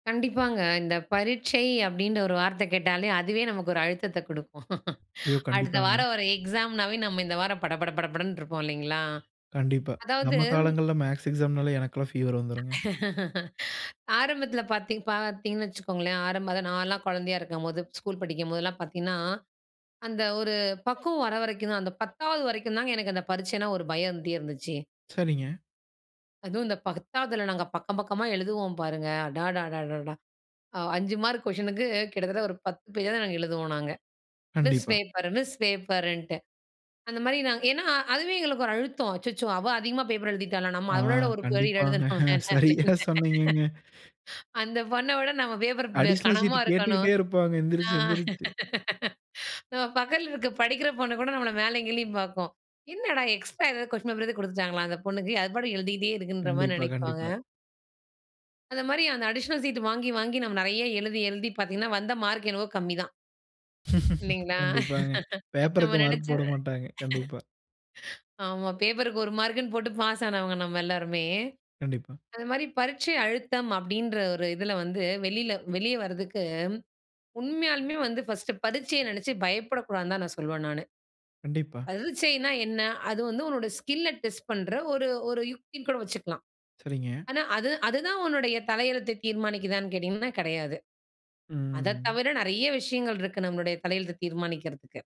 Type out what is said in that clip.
கண்டிப்பாங்க. இந்த பரீட்சை அப்படின்ற ஒரு வார்த்த கேட்டாலே அதுவே நமக்கு ஒரு அழுத்தத்த குடுக்கும். ஐயோ! அடுத்த கண்டிப்பாங்க. வாரம் ஒரு எக்ஸாம்னாவே, நம்ம இந்த வாரம் பட, பட, பட, படன்னு இருப்போம் இல்லங்களா? கண்டிப்பா. அதாவது, நம்ம காலங்கள்ல மேத்ஸ் எக்ஸாம்னாலே, எனக்கெல்லாம் ஃபீவர் வந்துடும்ங்க. ஆரம்பத்தில பாத்தீங் பார்த்தீங்கன்னு வச்சுக்கோங்களேன், ஆரம்பமா நான்லாம் குழந்தையா இருக்கும்போது, ஸ்கூல் படிக்கும்போதெல்லாம் பாத்தீன்னா, அந்த ஒரு பக்குவம் வர வரைக்கும் தான் அந்த 10 வரைக்கும் தாங்க எனக்கு அந்த பரீட்சைன்னா ஒரு பயம் இருந்துட்டே இருந்துச்சு. சரிங்க. அதுவும் இந்த 10வதுல நாங்க பக்கம் பக்கமா எழுதுவோம் பாருங்க. அடடடடடா! 5 மார்க் கொஷினுக்கு கிட்டத்தட்ட ஒரு 10 பேஜாவது நாங்க எழுதுவோம் நாங்க. மிஸ் கண்டிப்பா. பேப்பர், மிஸ் பேப்பர்ன்ட்டு அந்த மாரி நாங்க ஏனா, அதுவே எங்களுக்கு ஒரு அழுத்தம் அச்சச்சோ! "அவ அதிகமா பேப்பர் எழுதிட்டாளா?" நம்ம அவளவிட ஆங், ஒரு பேஜ் கண்டிப்பாங்க. எழுதணுமே. சரியா சொன்னீங்கங்க. அந்த பொண்ண விட நம்ம பேப்பர் அடிஷனல் சீட் கனமா இருக்கணும். கேட்டுக்கிட்டே இருப்பாங்க. ஆ, எந்திருச்சு, எந்திருச்சு. நம்ம பக்கத்தில இருக்கிற படிக்கிற பொண்ணு கூட நம்மள மேலேயும் கீழயும் பார்க்கும். "என்னடா? எக்ஸ்ட்ரா ஏதாவது கொஸ்டின் பேப்பர் ஏதாவது குடுத்துட்டாங்களா? அந்த பொண்ணுக்கு அது பாட்டுக்கு எழுதிட்டே இருக்குன்ற" மாரி கண்டிப்பா, நெனைப்பாங்க. கண்டிப்பா. அந்த மாரி அந்த அடிஷனல் சீட்டு வாங்கி, வாங்கி நம்ம நெறைய எழுதி, எழுதி பாத்தீங்கன்னா, வந்த மார்க் என்னவோ கம்மிதான். இல்லைங்களா? கண்டிப்பாங்க. நம்ம பேப்பருக்கு நெனைச்ச மார்க் போடமாட்டாங்க கண்டிப்பா. ஆமா. பேப்பருக்கு 1 மார்க்னு போட்டு பாஸ் ஆனவங்க நம்ம எல்லாருமே. கண்டிப்பா. அந்த மாதிரி பரீட்சை அழுத்தம் அப்படின்ற ஒரு இதில வந்து வெளியில வெளிய வர்றதுக்கு உண்மையாலுமே வந்து பர்ஸ்ட் பரீட்சைய நெனைச்சு பயப்படக்கூடாதுனு தான் நான் சொல்வேன் நானு. கண்டிப்பா. பரிச்சைனா என்ன? அது வந்து உன்னோட ஸ்கில்ல டெஸ்ட் பண்ற ஒரு, ஒரு யுக்தினு கூட வச்சுக்கலாம். சரிங்க. ஆனா, அது அது தான் உன்னுடைய தலையெழுத்த தீர்மானிக்கிறதானு கேட்டீங்கனா, கெடையாது. அத ம். தவிர நெறைய விஷயங்கள் இருக்கு நம்மளுடைய தலையெழுத்த தீர்மானிக்கிறதுக்கு.